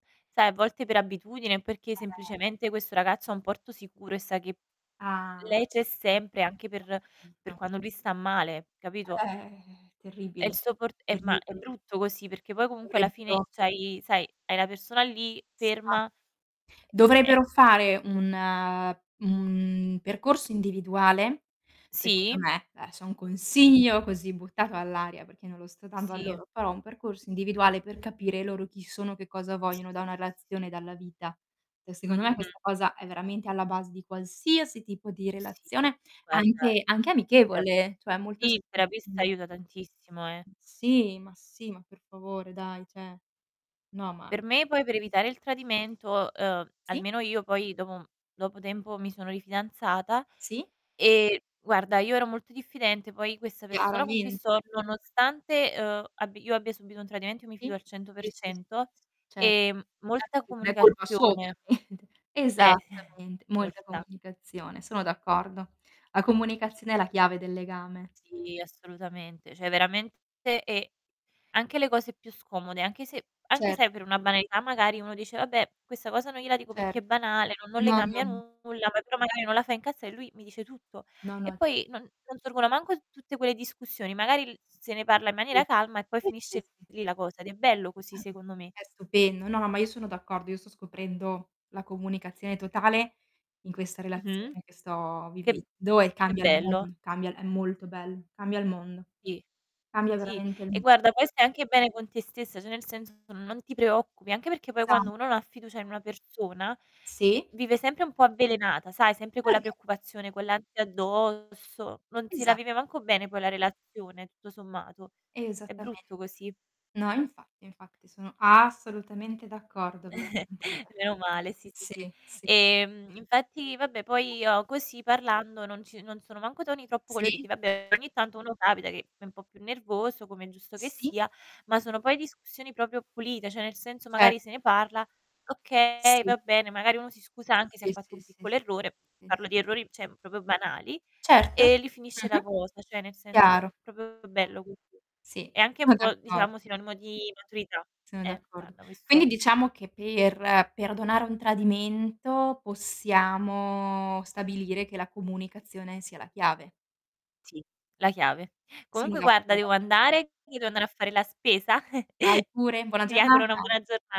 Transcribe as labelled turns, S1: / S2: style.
S1: Sai, a volte per abitudine o perché
S2: Eh.
S1: semplicemente questo ragazzo è un porto sicuro e sa che
S2: Ah,
S1: lei c'è sempre, anche
S2: ho
S1: per per
S2: capito.
S1: quando lui sta male, capito?
S2: Eh,
S1: È il
S2: terribile,
S1: suo por ehm, ma è
S2: terribi
S1: brutto così perché poi comunque alla fine
S2: dovrebbero
S1: c'hai sai, hai la persona lì
S2: Esa
S1: ferma ehm, cioè
S2: dovrebbero fare un un percorso individuale, secondo
S1: Sì.
S2: me. Adesso è un
S1: Sì.
S2: consiglio così buttato all'aria, perché io non lo sto dando a
S1: Sì.
S2: loro, però un percorso individuale per capire loro chi sono, che cosa
S1: Sì, sì,
S2: vogliono da una
S1: sì, sì, sì.
S2: relazione, dalla vita. Cioè secondo me
S1: Mh-mh.
S2: questa cosa è veramente alla base di qualsiasi tipo di
S1: Sì,
S2: relazione,
S1: guarda
S2: anche anche
S1: [unintelligible]
S2: amichevole, cioè molto
S1: sì, il terapista
S2: [unintelligible]
S1: aiuta tantissimo, eh.
S2: Sì, ma sì, ma per favore, dai, cioè. No, ma
S1: Per me poi per evitare il
S2: [unintelligible]
S1: tradimento, uhm,
S2: Sì.
S1: almeno io, poi dopo un dopo tempo mi sono rifidanzata,
S2: Sì.
S1: ehm, guarda, io ero molto diffidente, poi questa persona con cui
S2: Chiaramente.
S1: sto, nonostante, uhm, abbi io abbia subito un tradimento, io mi fido al cento per
S2: Sì, sì, s
S1: cento
S2: certo
S1: e
S2: eh,
S1: molta
S2: perché non è colpa sua,
S1: comunicazione.
S2: ovviamente.
S1: Eh,
S2: Esattamente. Molta
S1: molta.
S2: comunicazione, sono d'accordo. La comunicazione è la chiave del legame.
S1: Sì, assolutamente. Cioè veramente e anche le cose più scomode, anche se anche
S2: Cert
S1: se è per una banalità magari uno dice: "Vabbè, questa cosa non gliela dico perché è
S2: Certo.
S1: banale, non non le
S2: No, no,
S1: cambia
S2: no.
S1: nulla, ma però magari non la fa incazza" e lui mi dice tutto.
S2: No, no,
S1: E
S2: infa
S1: poi non non sorgono manco t tutte quelle discussioni, magari l s se ne parla in maniera
S2: Sì,
S1: calma e poi
S2: sì, sì,
S1: finisce
S2: sì.
S1: lì la cosa. Ed è bello così
S2: [unintelligible]
S1: secondo me.
S2: È stupendo. No, no, ma io sono d'accordo, io sto scoprendo la comunicazione totale in questa
S1: Mh-mh.
S2: relazione che sto
S1: Che b
S2: vivendo e
S1: che
S2: cambia il
S1: bello.
S2: mondo, cambia è molto bello, cambia il mondo.
S1: Ì,
S2: Cambia
S1: sì.
S2: veramente il
S1: E
S2: m
S1: guarda, poi stai anche bene con te stessa, cioè nel senso non ti preoccupi. Anche perché poi
S2: Esa
S1: quando uno non ha fiducia in una persona, ehm,
S2: Sì.
S1: vive sempre un po' avvelenata, sai, sempre con la
S2: [unintelligible]
S1: preoccupazione, con l'ansia addosso, non si la
S2: Esa
S1: vive manco bene poi la relazione, tutto sommato. È
S2: Esattamente.
S1: brutto così.
S2: No, infatti, infatti, sono assolutamente d'accordo, veramente, [unintelligible]
S1: Meno male, sì, sì,
S2: sì,
S1: sì.
S2: sì, sì,
S1: Ehm,
S2: sì.
S1: infatti, vabbè poi
S2: [unintelligible]
S1: io così parlando non ci non sono manco toni troppo
S2: Sì.
S1: coloriti. Vabbè, ogni tanto uno capita che è un po' più nervoso, come è giusto che
S2: Sì.
S1: sia, ma sono poi discussioni proprio pulite, cioè nel senso
S2: Ce
S1: magari se ne parla "Okay,
S2: Sì.
S1: va bene". Magari uno si scusa anche se ha
S2: Sì,
S1: fatto
S2: sì,
S1: un
S2: sì,
S1: piccolo
S2: s
S1: errore,
S2: sì,
S1: parlo
S2: sì.
S1: di errori, cioè proprio banali,
S2: Certo,
S1: e lì finisce la
S2: mh-mh.
S1: cosa, cioè nel senso è
S2: Chiaro.
S1: proprio bello così.
S2: Sì,
S1: È anche un
S2: sono
S1: po',
S2: d'accordo.
S1: diciamo, sinonimo di maturità.
S2: Sono
S1: Eh,
S2: d'accordo.
S1: guarda
S2: Quindi
S1: questo
S2: diciamo che per perdonare un tradimento, possiamo stabilire che la comunicazione sia la chiave.
S1: Sì, la chiave.
S2: Sono
S1: Comunque guarda,
S2: d'accor
S1: devo andare, [unintelligible] devo andare a fare la spesa.
S2: Vai pure, buona
S1: Ti auguro una
S2: giornata.
S1: buona giorna